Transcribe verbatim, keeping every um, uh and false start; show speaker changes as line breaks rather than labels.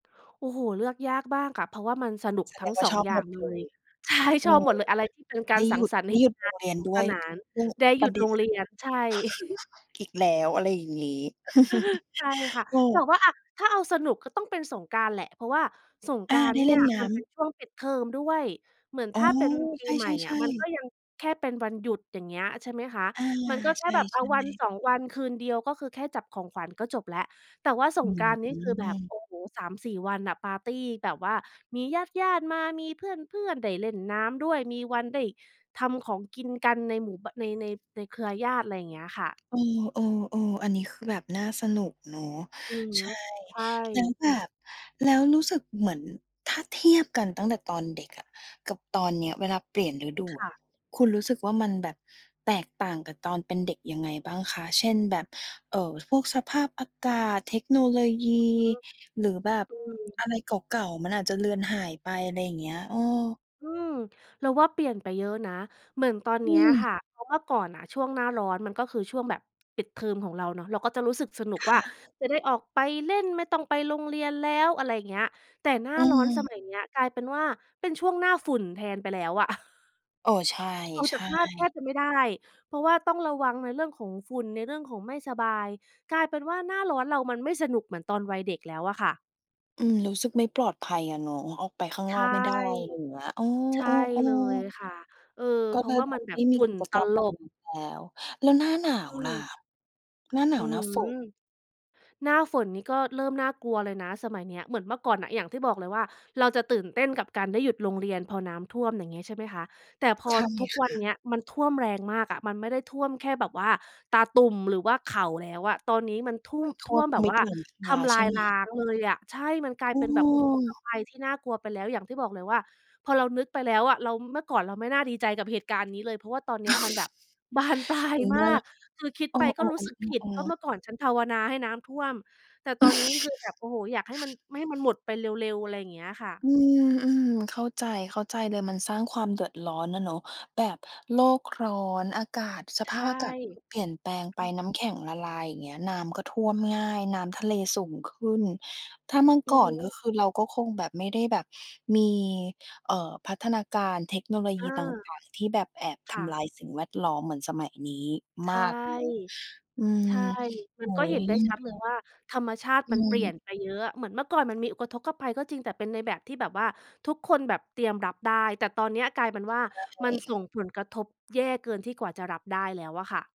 โอ้โฮ เลือกยากมากค่ะ เพราะว่ามันสนุก
แส
ทั
ด
้ง
งว่
ส
า
อ
ช
ง
อบ
อย่า
หม
ง
ด
เล
เล
ย
ย
ใช่
เอ
ช
อ
อบหมดเลย อะไรที่เป็นกา
ได
ร
้
สั
หย
ง
ุด
สรรค
ไ
์
ด้
เห็
หย
น
ุด
ง
โร
าน
งเร
ส
ียน
นุก
ด้
ส
วย
นาน
อือ
ได้ห
ป
ยุ
ระ
ด
เด็
โร
น
งเ
น
ร
่
ี
ะคื
ย
อ
น ใช่
อีกแล้ว อะไรอย่างงี้
ใช่
ใช
ค่ะ
่
แต่ว่า อะ ถ้าเอาสนุกก็ต้องเป็นสงกรานต์แหละ เพราะว่าสง
อ
กร
า
านต
ไ
์
ด้
เนี่
เล
ย
่นน
ม
้
ันเป็
ำ
นช่วงปิดเทอมด้วย เหมือน
อ๋
ถ
อ
้าเป็นปี
ใ
ใหม่อ
ช
ะ
่
มัน
ๆ
ก
ๆ
็ยังแค่เป็นวันหยุด อย่างเงี้ย ใช่ไหมคะ
อา
มันก็แค
ใช
่
่
แบบ อา วัน
ๆ
สอง วัน คืนเดียว ก็คือแค่จับของขวัญก็จบแล้ว แต่ว่าส
อื
ง
้
กร
อ
านต์นี่
ฮ
คือแบ
ื
บ โอ
อ
้โฮ สามสี่ วันน่ะ ปาร์ตีแบบว่ามีญาติ ๆ มา มีเพื่อน ๆ ได้เล่นน้ำด้วย มีวันได้ทำของกินกันในหมู่ บ ใน ใน ในเครือญาติ ไรเงี้ยค่ะ
เออ ๆ ๆ อันนี้คือแบบน่าสนุกเนาะ
อือ
ใ
ฮ
ช
ึ
่
ใช่
แล้วแบบ แล้วรู้สึกเหมือน ถ้าเทียบกันตั้งแต่ตอนเด็กอะกับตอนเนี้ย เวลาเปลี่ยนฤดู
ค
อ
่
ะ
ะ
คุณรู้สึกว่า มันแบบแตกต่างกับตอนเป็นเด็กยังไงบ้างคะ? เช่น แบบ เอ่อ พวกสภาพอากาศ เทคโนโลยี
อือฮึ
หรือแบบ
อื
อ
ม
ะไรเก่า ๆ มันอาจจะเลือนหายไป ไรเงี้ย เออ
อืม เราว่าเปลี่ยนไปเยอะนะ เหมือนตอนเ
อ
นี้
ื
ย
ม
ค่ะ เพราะเมื่อก่อนน่ะ ช่วงหน้าร้อนมันก็คือช่วงแบบปิดเทอมของเราเนาะ เราก็จะรู้สึกสนุก
ค
ว่
่
า
ะ
จะได้ออกไปเล่น ไม่ต้องไปโรงเรียนแล้ว อะไรเงี้ย แต่หน้า
อื
ร้อนส
ม
มัยเนี้ยกลายเป็นว่า เป็นช่วงหน้าฝุ่นแทนไปแล้วอะ
เออ ใช่
ออก
ใ
จ
ช
ากบ้านแทบ
่
จะไม่ได้ เพราะว่าต้องระวังในเรื่องของฝุ่น ในเรื่องของไม่สบาย กลายเป็นว่า หน้าร้อนเรามันไม่สนุกเหมือนตอนวัยเด็กแล้วอะค่ะ
อืม รู้สึกไม่ปลอดภัยอะเนาะ ออกไปข้าง
ใช
นอ
่
กไม่ได้ ไรอย่างเงี้ย เอ
ใช่
อ
เลย
ๆ ๆ
ค่ะ เออ
ก็
เพรา
เล
ะ
ย
ว่า
แบ
มั
บ
นแบ
ไม
บ
่ม
ฝ
ี
ุ่
ก
น
ิจ
ต
กรรม แ
ล
บบ
บ
นั้นแล้ว แล้วหน้าหนา
อื
วล่ะ?
ม
หน้าหน
อื
า
้
ว
อ
หน
ฮ
้
ื
าฝน
อ หน้าฝนนี่ก็เริ่มน่ากลัวเลยนะ สมัยเนี้ย เหมือนเมื่อก่อนน่ะ อย่างที่บอกเลยว่า เราจะตื่นเต้นกับการได้หยุดโรงเรียน พอน้ำท่วม อย่างเงี้ยใช่ไหมคะ แต่พอ
ใช่
ทุก
ค
วัน
่
เ
ะ
นี้ยมันท่วมแรงมากอะ มันไม่ได้ท่วมแค่แบบว่าตาตุ่ม หรือว่าเข่าแล้วอะ ตอนนี้มันทู่
ก
ม
็ท
ท
่
่
ว
ว
ม
มแบบ
มิ
ว
ด
่า
หลังค
ท
า
ำล
ใ
า
ช่
ย
ไหม?
ล้างเลยอะ ใช่ มันกลาย
เ
เป็นแบบอุทก
ออ
ภัยที่น่ากลัวไปแล้ว อย่างที่บอกเลยว่า พอเรานึกไปแล้วอะ เรา เมื่อก่อนเราไม่น่าดีใจกับเหตุการณ์นี้เลย เพราะว่าตอนเนี้ยมันแบบ บานปลาย
มิ
ม
น
า
่า
ก คือคิด
เอ
ไ
อ
ปก็รู้สึก
ๆ
ผิดว่า
ๆ
เม
ๆ ๆ
ื่อก่อนฉันภาวนาให้น้ำท่วม แต่ตอนนี้คือแบบ โอ้โฮ อยากให้มัน ม ให้มันหมดไปเร็ว ๆ อะไรอย่างเงี้ยอะค่ะ
อืม ๆ เข้าใจ เข้าใจเลย มันสร้างความเดือดร้อนน่ะเนาะ แบบโลกร้อน อากาศ ส
ใ
ภ
ช
า
่
พอากาศก็คือ เปลี่ยนแปลงไ
อ
ป
ือ
น้ำแข็งละลาย อย่างเงี้ย น้ำก็ท่วมง่าย น้ำทะเลสูงขึ้น ถ้าเมื่อ
อื
ก่
อ
อ
ฮ
นก็
ึ
คือ เราก็คงแบบ ไม่ได้แบบมี เอ่อ พัฒนาการ เทคโนโลย
อ
ีต
า
่าง ๆ ที่แบบแอบ
ค
ท
่ะ
ำลายสิ่งแวดล้อมเหมือนสมัยนี้
ใช
ม
่
ากเนาะ อืม
ใช่
โ
ม
อ
ั
้
นก
โฮ
็เห็นได้ชัดเลยว่า ธรรมชาติ
อื
มันเปลี่ย
ม
นไปเยอะอะ เหมือนเมื่อก่อนมันมีอุกะทกภัย ก็จริง แต่เป็นในแบบที่แบบว่าทุกคนแบบเตรียมรับได้ แต่ตอนเนี้ยกลายเป็นว่า
ใช
มันส่
่
งผลกระทบแย่เกินที่กว่าจะรับได้แล้วอะค่ะ